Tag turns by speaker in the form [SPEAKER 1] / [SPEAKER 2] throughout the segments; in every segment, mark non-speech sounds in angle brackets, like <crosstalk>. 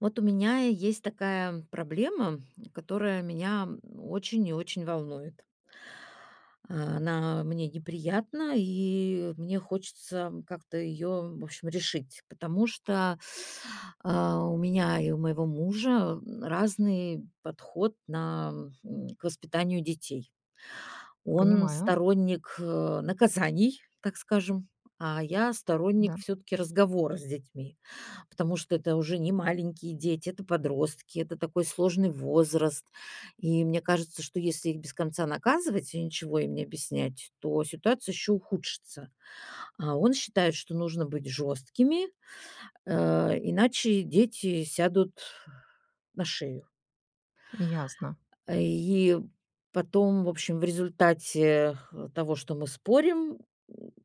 [SPEAKER 1] Вот у меня есть такая проблема, которая меня очень и очень волнует. Она мне неприятна, и мне хочется как-то её, в общем, решить, потому что, а, у меня и у моего мужа разный подход на к воспитанию детей. Он
[SPEAKER 2] Понимаю.
[SPEAKER 1] сторонник, э, наказаний, так скажем, а я сторонник
[SPEAKER 2] Да.
[SPEAKER 1] всё-таки разговора с детьми, потому что это уже не маленькие дети, это подростки, это такой сложный возраст. И мне кажется, что если их без конца наказывать и ничего им не объяснять, то ситуация еще ухудшится. А он считает, что нужно быть жёсткими, э, иначе дети сядут на шею.
[SPEAKER 2] Ясно.
[SPEAKER 1] И потом, в общем, в результате, э, того, что мы спорим,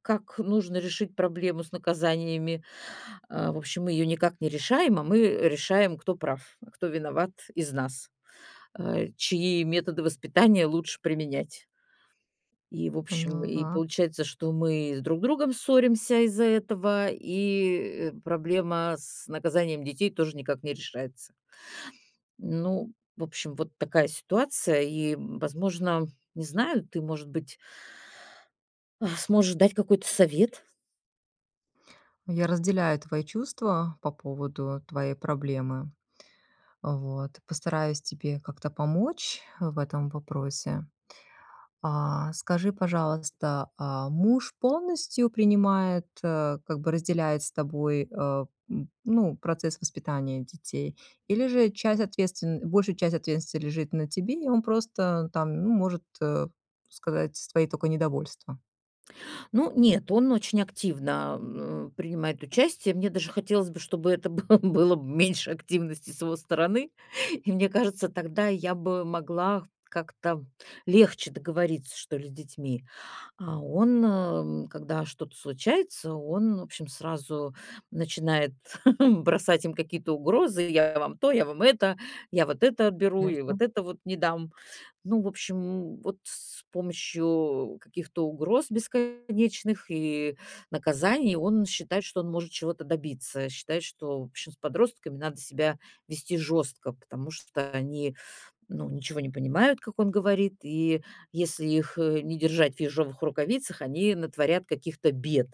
[SPEAKER 1] как нужно решить проблему с наказаниями, а, в общем, мы её никак не решаем, а мы решаем, кто прав, кто виноват из нас, а, чьи методы воспитания лучше применять. И, в общем, и
[SPEAKER 2] Поняла.
[SPEAKER 1] получается, что мы друг с другом ссоримся из-за этого, и проблема с наказанием детей тоже никак не решается. Ну, в общем, вот такая ситуация. И, возможно, не знаю, ты, может быть сможешь дать какой-то совет?
[SPEAKER 2] Я разделяю твои чувства по поводу твоей проблемы. Вот, постараюсь тебе как-то помочь в этом вопросе. А, скажи, пожалуйста, а, муж полностью принимает, э, как бы разделяет с тобой, э, н ну, процесс воспитания детей или же часть, ответс большая часть ответственности лежит на тебе, и он просто там, ну, может, э, сказать свои только недовольства.
[SPEAKER 1] Ну нет, он очень активно, а, принимает участие. Мне даже хотелось бы, чтобы это было было б меньше активности с его стороны, и мне кажется, тогда я бы могла как-то легче договориться, что ли, с детьми. А он, э, когда что-то случается, он, в общем, сразу начинает <chuckles> бросать им какие-то угрозы: "Я вам то, я вам это, я вот это отберу и
[SPEAKER 2] Ясно.
[SPEAKER 1] вот это вот не дам". Ну, в общем, вот с помощью каких-то угроз бесконечных и наказаний он считает, что он может чего-то добиться, считает, что, в общем, с подростками надо себя вести жёстко, потому что они, ну, ничего не понимают, как он говорит, и если их, э, не держать в ежовых рукавицах, они натворят каких-то бед.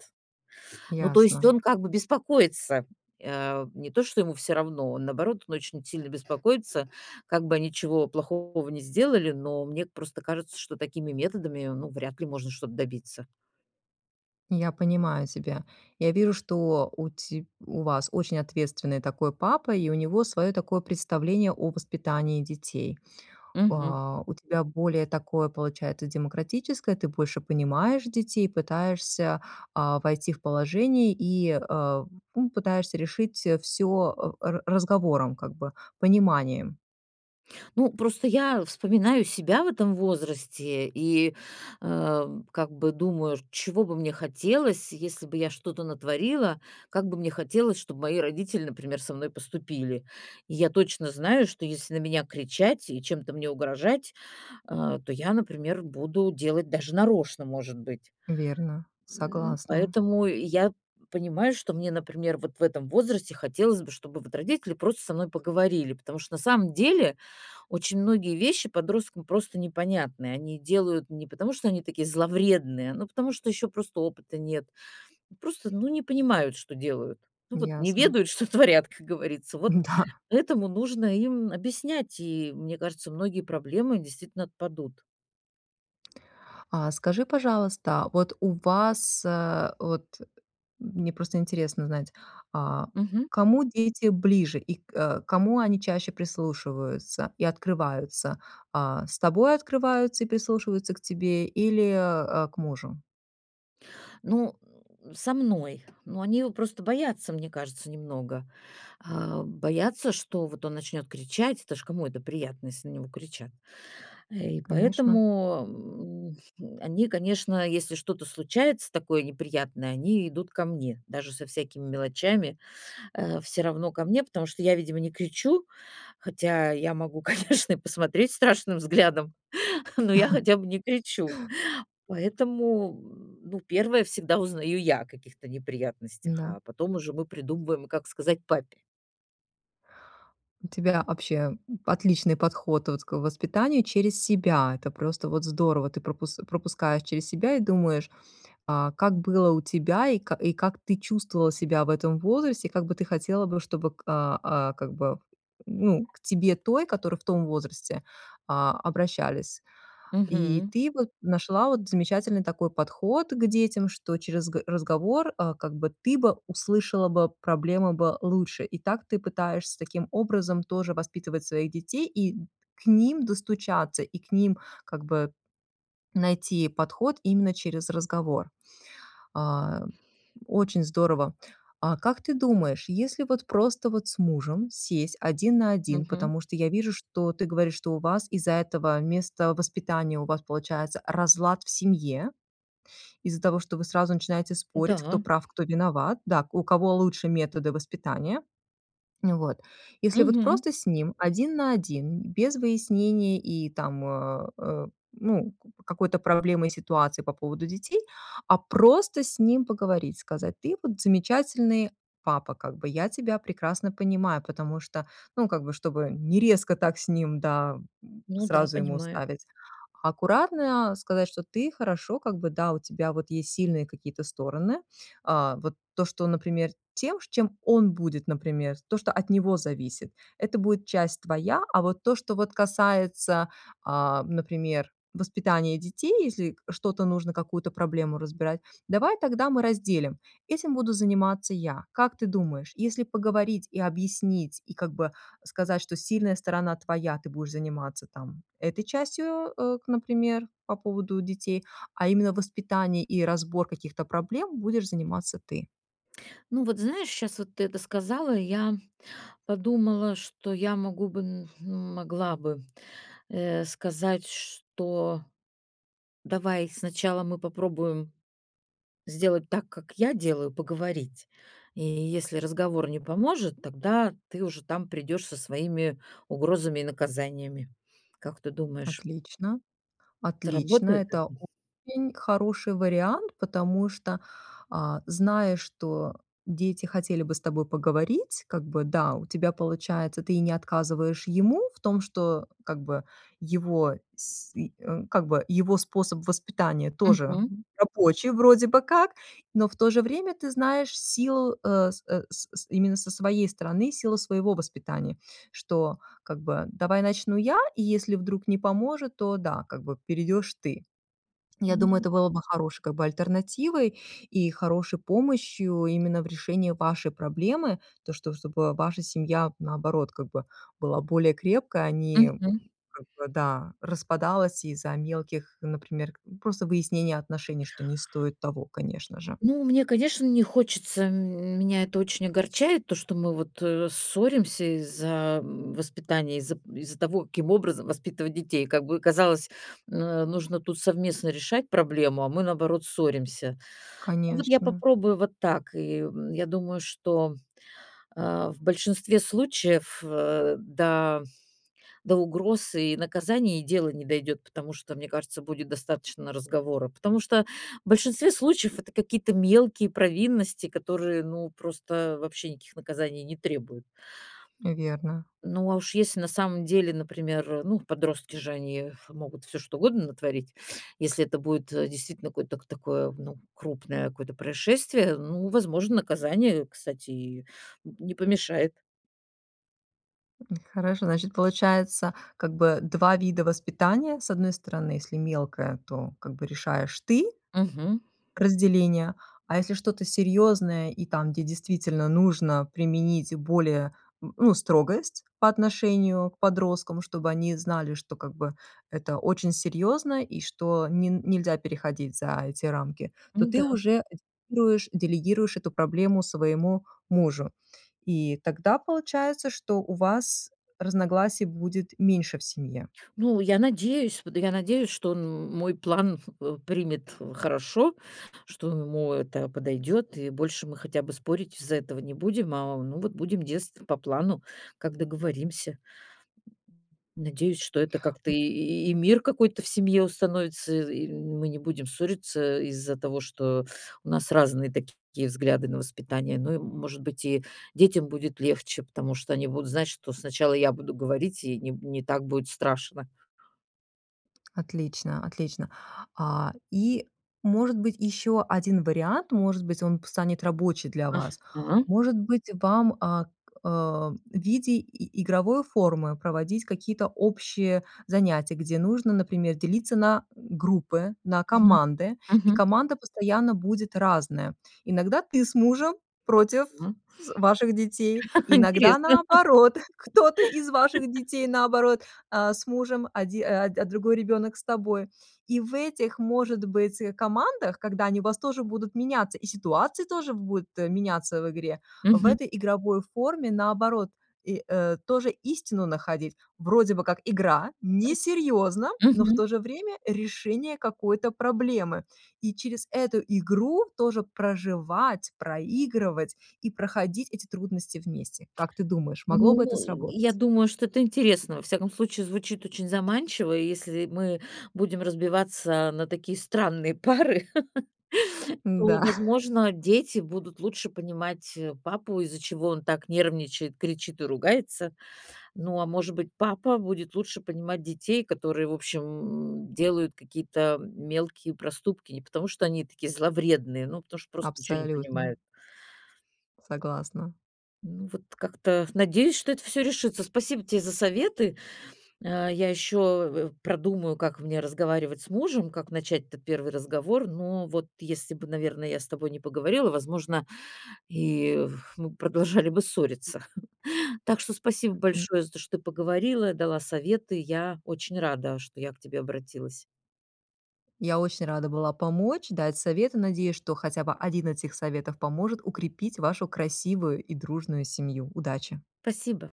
[SPEAKER 1] Ну то есть
[SPEAKER 2] Ясно.
[SPEAKER 1] он как бы беспокоится, а. Не то, что ему всё равно, он, наоборот, очень сильно беспокоится, как бы они чего плохого не сделали, но мне просто кажется, что такими методами, ну, вряд ли можно что-то добиться.
[SPEAKER 2] Я понимаю тебя. Я вижу, что у ти у вас очень ответственный такой папа и у него своё такое представление о воспитании детей.
[SPEAKER 1] Мгм.
[SPEAKER 2] А у тебя более такое получается демократическое, ты больше понимаешь детей, пытаешься, а, войти в положение и, э, ну, пытаешься решить, э, всё о ра ра разговором, как бы, пониманием.
[SPEAKER 1] Ну, просто я вспоминаю себя в этом возрасте и, а, как бы думаю, чего бы мне хотелось, если бы я что-то натворила, как бы мне хотелось, чтобы мои родители, например, со мной поступили. И я точно знаю, что если на меня кричать и чем-то мне угрожать, а, то я, например, буду делать даже нарочно, может быть.
[SPEAKER 2] Верно,
[SPEAKER 1] М,
[SPEAKER 2] согласна.
[SPEAKER 1] поэтому я понимаю, что мне, например, вот в этом возрасте хотелось бы, чтобы вот родители просто со мной поговорили, потому что на самом деле очень многие вещи подросткам просто непонятны. Они делают не потому, что они такие зловредные, но потому, что ещё просто опыта нет. Просто, ну, не понимают, что делают. Ну вот, не
[SPEAKER 2] Ясно.
[SPEAKER 1] ведают, что творят, как говорится. Вот
[SPEAKER 2] Да.
[SPEAKER 1] поэтому нужно им объяснять, и, мне кажется, многие проблемы действительно отпадут.
[SPEAKER 2] А скажи, пожалуйста, вот у вас, э, вот мне просто интересно знать, а,
[SPEAKER 1] Мгм.
[SPEAKER 2] к кому дети ближе и к а, кому они чаще прислушиваются и открываются? А, с тобой открываются и прислушиваются к тебе или, а, к мужу?
[SPEAKER 1] Ну, со мной. Ну, они его просто боятся, мне кажется, немного. А, боятся, что вот он начнёт кричать. Это ж кому это приятно, если на него кричат. И
[SPEAKER 2] Конечно.
[SPEAKER 1] поэтому, м, они, конечно, если что-то случается такое неприятное, они идут ко мне. Даже со всякими мелочами, а, всё равно ко мне, потому что я, видимо, не кричу, хотя я могу, конечно, и посмотреть страшным взглядом, но я
[SPEAKER 2] <chuckles>
[SPEAKER 1] хотя бы не кричу. Поэтому, ну, первая всегда узнаю я о каких-то неприятностях,
[SPEAKER 2] Да.
[SPEAKER 1] а потом уже мы придумываем, как сказать папе.
[SPEAKER 2] У тебя, вообще м, отличный подход вот к воспитанию через себя. Это просто вот здорово. Ты пропус пропускаешь через себя и думаешь, а как было у тебя, и как и как ты чувствовала себя в этом возрасте, и как бы ты хотела бы, чтобы, к а, а, как бы, ну, к тебе той, которую в том возрасте, а, обращались. И
[SPEAKER 1] Мгм.
[SPEAKER 2] ты вот нашла вот замечательный такой подход к детям, что через г разговор, а, как бы ты бы услышала бы проблемы бы лучше. И так ты пытаешься таким образом тоже воспитывать своих детей, и д к ним достучаться, и к ним, как бы, найти подход именно через разговор. А, очень здорово. А как ты думаешь, если вот просто вот с мужем сесть 1 на 1?
[SPEAKER 1] Мгм.
[SPEAKER 2] Потому что я вижу, что ты говоришь, что у вас из-за этого места воспитания у вас получается разлад в семье, из-за того, что вы сразу начинаете спорить, кто
[SPEAKER 1] Да.
[SPEAKER 2] прав, кто виноват да, к у кого лучше методы воспитания. Ну вот. Если вот
[SPEAKER 1] Мгм.
[SPEAKER 2] просто с ним 1 на 1 без выяснений и там, а, а, ну, к какой-то проблемой ситуации по поводу детей. А просто с ним поговорить, сказать: "Ты вот замечательный папа, как бы я тебя прекрасно понимаю". Потому что, ну, как бы, чтобы не резко так с ним, да, м,
[SPEAKER 1] Ну да,
[SPEAKER 2] сразу ему
[SPEAKER 1] понимаю.
[SPEAKER 2] ставить. Аккуратно сказать, что: ты, хорошо, как бы, да, у тебя вот есть сильные какие-то стороны. А, вот то, что, например, тем, чем он будет, например, то, что от него зависит- это будет часть твоя, а вот то, что вот касается, а, например, воспитания детей, если что-то нужно, какую-то проблему разбирать, давай тогда мы разделим. Этим буду заниматься я. Как ты думаешь, если поговорить и объяснить, и как бы сказать, что сильная сторона твоя, ты будешь заниматься там этой частью, э, к например, по поводу детей, а именно воспитание и разбор каких-то проблем- будешь заниматься ты?
[SPEAKER 1] Ну, вот знаешь, щас вот ты это сказала, и я <inhales> подумала, что я могу бы м могла бы, э, сказать, что: "давай сначала мы попробуем сделать так, как я делаю- поговорить. И если разговор не поможет, тогда ты уже там придёшь со своими угрозами и наказаниями". Как ты думаешь?
[SPEAKER 2] Отлично, отлично.
[SPEAKER 1] Сработает это?
[SPEAKER 2] Это очень хороший вариант, потому что, а, зная, что дети хотели бы с тобой поговорить, как бы, да, у тебя получается, ты и не отказываешь ему в том, что, как бы, его, с э, как бы, его способ воспитания тоже
[SPEAKER 1] Мгм.
[SPEAKER 2] рабочий вроде бы как. Но в то же время ты знаешь силу, э, с с с именно со своей стороны, силу своего воспитания, что, как бы: давай начну я, и если вдруг не поможет, то, да, как бы, перейдёшь ты. Я думаю,
[SPEAKER 1] Мгм.
[SPEAKER 2] это было бы хорошей, как бы, альтернативой и хорошей помощью именно в решении вашей проблемы. То, что, чтобы ваша семья, наоборот, как бы, была более крепкой, а не,
[SPEAKER 1] Мгм.
[SPEAKER 2] как бы, да, распадалась из-за мелких, например, к просто выяснения отношений, что не стоит того, конечно же.
[SPEAKER 1] Ну, мне, конечно, не хочется, м меня это очень огорчает, то, что мы вот, э, ссоримся из-за м воспитания, из-за из-за того, каким образом воспитывать детей. Как бы казалось, э, нужно тут совместно решать проблему, а мы, наоборот, ссоримся. Ну вот я
[SPEAKER 2] Конечно.
[SPEAKER 1] попробую вот так. И в я думаю, что, а, в большинстве случаев, а, да, до угроз и наказаний и дело не дойдёт, потому что, мне кажется, будет достаточно разговора. Потому что в большинстве случаев это какие-то мелкие провинности, которые, ну, просто вообще никаких наказаний не требуют.
[SPEAKER 2] Верно.
[SPEAKER 1] Ну, а уж если на самом деле, например, ну, подростки же, они могут всё что угодно натворить. Если это будет, э, действительно кой ток такое, ну, крупное какое-то происшествие, ну, возможно, наказание, кстати, и не помешает.
[SPEAKER 2] Хорошо, значит, получается, как бы 2 вида воспитания. С одной стороны, если мелкая, то как бы решаешь ты
[SPEAKER 1] Мгм.
[SPEAKER 2] разделение, а если что-то серьёзное и там, где действительно нужно применить более, м, ну, строгость по отношению к подросткам. Чтобы они знали, что, как бы, это очень серьёзно и что ни нельзя переходить за эти рамки, то
[SPEAKER 1] Ну
[SPEAKER 2] ты
[SPEAKER 1] да.
[SPEAKER 2] уже делегируешь делегируешь эту проблему своему мужу. И тогда получается, что у вас разногласий будет меньше в семье.
[SPEAKER 1] Ну, я надеюсь, под я надеюсь, что он м мой план х примет хорошо, что ему это подойдёт, и больше мы хотя бы спорить из-за этого не будем, а, ну, вот будем действовать по плану, как договоримся. Надеюсь, что это как-то
[SPEAKER 2] М.
[SPEAKER 1] и и мир какой-то в семье установится, и мы не будем ссориться из-за того, что у нас разные такие взгляды на воспитание, но и, может быть, и детям будет легче, потому что они будут знать, что сначала я буду говорить, и не б не так будет страшно.
[SPEAKER 2] Отлично, отлично. А, и, может быть, ещё 1 вариант, может быть, он п станет рабочий для вас.
[SPEAKER 1] Мгм.
[SPEAKER 2] Может быть, вам, а, к а, в виде и игровой формы проводить какие-то общие занятия, где нужно, например, делиться на группы, на
[SPEAKER 1] Мгм.
[SPEAKER 2] команды, и
[SPEAKER 1] Мгм.
[SPEAKER 2] команда постоянно будет разная. Иногда ты с мужем против
[SPEAKER 1] М.
[SPEAKER 2] з ваших детей, иногда,
[SPEAKER 1] Интересно.
[SPEAKER 2] наоборот, <chuckles> кто-то из ваших детей, наоборот, а с мужем, оди а, д другой ребёнок с тобой. И в этих, может быть, э, командах, когда они у вас тоже будут меняться, и ситуации тоже б будут меняться в игре- в
[SPEAKER 1] Мгм.
[SPEAKER 2] этой игровой форме, наоборот, и, э, тоже истину находить. Вроде бы как игра,
[SPEAKER 1] М.
[SPEAKER 2] несерьёзно, но в
[SPEAKER 1] Мгм.
[SPEAKER 2] то же время решение какой-то проблемы. И через эту игру тоже проживать, проигрывать и проходить эти трудности вместе. Как ты думаешь, могло
[SPEAKER 1] Ну,
[SPEAKER 2] бы это
[SPEAKER 1] я
[SPEAKER 2] сработать?
[SPEAKER 1] думаю, что это интересно. Во всяком случае, звучит очень заманчиво. И если мы будем разбиваться на такие странные пары, <laughs> то,
[SPEAKER 2] Да. <chuckles>
[SPEAKER 1] возможно, дети будут лучше понимать, э, папу, из-за чего он так нервничает, кричит и ругается. Ну, а может быть, папа будет лучше понимать детей, которые, в общем, м, делают какие-то мелкие проступки, не потому, что они такие зловредные, но потому, что просто ничего не
[SPEAKER 2] Абсолютно.
[SPEAKER 1] понимают.
[SPEAKER 2] Согласна.
[SPEAKER 1] Ну, вот как-то надеюсь, что это всё решится. Спасибо тебе за советы. А, я ещё в в продумаю, как мне разговаривать с мужем, как начать-то 1 разговор, но вот если бы, наверное, я с тобой не поговорила, возможно, и в мы продолжали бы ссориться. <chuckles> Так что спасибо
[SPEAKER 2] М.
[SPEAKER 1] большое за то, что ты поговорила, дала советы. Я очень рада, что я к тебе обратилась.
[SPEAKER 2] Я очень рада была помочь, дать совет. И надеюсь, что хотя бы 1 этих советов поможет укрепить вашу красивую и дружную семью. Удачи!
[SPEAKER 1] Спасибо.